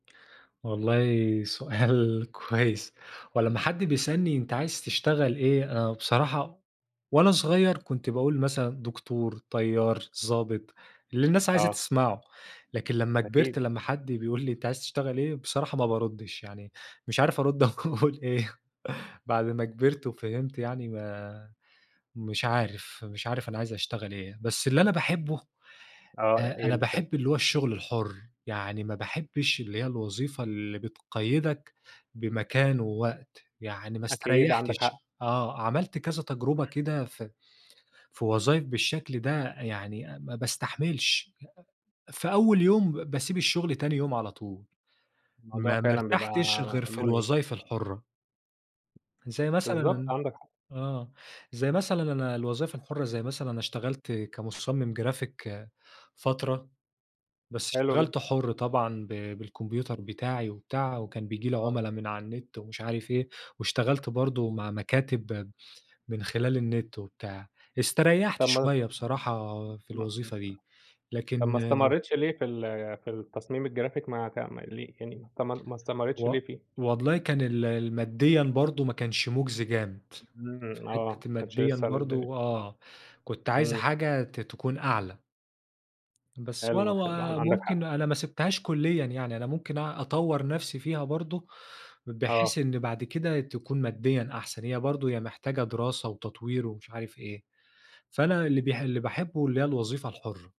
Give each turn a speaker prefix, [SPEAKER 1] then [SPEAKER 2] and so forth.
[SPEAKER 1] والله، سؤال كويس. هو لما حد بيسألني أنت عايز تشتغل إيه؟ آآ، بصراحة وأنا صغير كُنت باقول مثلًا دكتور، طيار، ظابط، اللِّي النّاس عايزة
[SPEAKER 2] آه.
[SPEAKER 1] تسمعه. لكن لما
[SPEAKER 2] أكيد.
[SPEAKER 1] كبرت لما حد بيقول لي: "أنتَ عايز تشتغل إيه؟" بصراحة ما باردّش، يعني مش عارف أرد أقول إيه؟ بعد ما كبرت وفَهِمْت يعني ما مش عارف، مش عارف أنا عايز أشتعل إيه؟ بس اللِّي أنا باحبه،
[SPEAKER 2] آه،
[SPEAKER 1] آآ
[SPEAKER 2] إيه
[SPEAKER 1] أنا
[SPEAKER 2] اللي حب
[SPEAKER 1] بأحب اللي هو الشغل الحُر، يعني ما باحبش اللِّي هي الوظيفة اللِّي بتقيدك بمكان ووقت، يعني ما
[SPEAKER 2] أكيد، عَندَك
[SPEAKER 1] استريحتش
[SPEAKER 2] حق.
[SPEAKER 1] آه، عَمَلت كَذَا تجربة كده ف في وظايف بالشكل ده يعني ما باستحملش، ي أ في أول يوم، باسيب الشغل تاني يوم على طول،
[SPEAKER 2] الموضوع
[SPEAKER 1] ما ما
[SPEAKER 2] فعلًا بيبقى
[SPEAKER 1] ارتحتش غير في
[SPEAKER 2] مرهق.
[SPEAKER 1] الوظايف الحُرَّة. زي
[SPEAKER 2] بالضبط،
[SPEAKER 1] مثلًا
[SPEAKER 2] عَندَك حق.
[SPEAKER 1] آه، زي مثلًا أنا الوظايف الحُرَّة، زي مثلًا أنا اشتغلت كمصمم جرافيك فترة، بس
[SPEAKER 2] حلو
[SPEAKER 1] اشْتَغَلْت
[SPEAKER 2] جدًا.
[SPEAKER 1] حُر طبعًا ب بالكمبيوتر بِتَاعِي وبتاع، وكان بييجي لي
[SPEAKER 2] آه.
[SPEAKER 1] عُملا من على النت، ومش عارف إيه، واشتغلت برضو مع مكاتب من خلال النت و بتاع. استريحت
[SPEAKER 2] طب ما
[SPEAKER 1] شوية بصراحة في الوظيفة دي،
[SPEAKER 2] [unintelligible]
[SPEAKER 1] لكن
[SPEAKER 2] طب ما استمريتش لِيه في ال في التصميم الجرافيك مع تاع ما ليه يعني أنت ما ما استمريتش
[SPEAKER 1] و
[SPEAKER 2] ليه فيه؟
[SPEAKER 1] والله كان ال الماديًا برضو ما كانش مجزي جامد، في
[SPEAKER 2] إمم، آه، ما
[SPEAKER 1] حتة
[SPEAKER 2] كنتش
[SPEAKER 1] الماديًا
[SPEAKER 2] لِسَّه الدنيا
[SPEAKER 1] برضو آه، كُنت عايز
[SPEAKER 2] إمم.
[SPEAKER 1] حاجة ت تكون أعلى. بس ولا
[SPEAKER 2] حلو،
[SPEAKER 1] و
[SPEAKER 2] حلو، عن عَندَك
[SPEAKER 1] ممكن
[SPEAKER 2] حق.
[SPEAKER 1] أنا ما سيبتهاش كليًا يعني، أنا ممكن أ أطور نفسي فيها برضو، بحيث
[SPEAKER 2] آه.
[SPEAKER 1] إن بعد كده تكون ماديًا أحسن، هي برضو هي محتاجة دراسة وتطوير ومش عارف إيه، فأنا اللِّي ب اللي باحبه اللي هي الوظيفة الحُرَّة.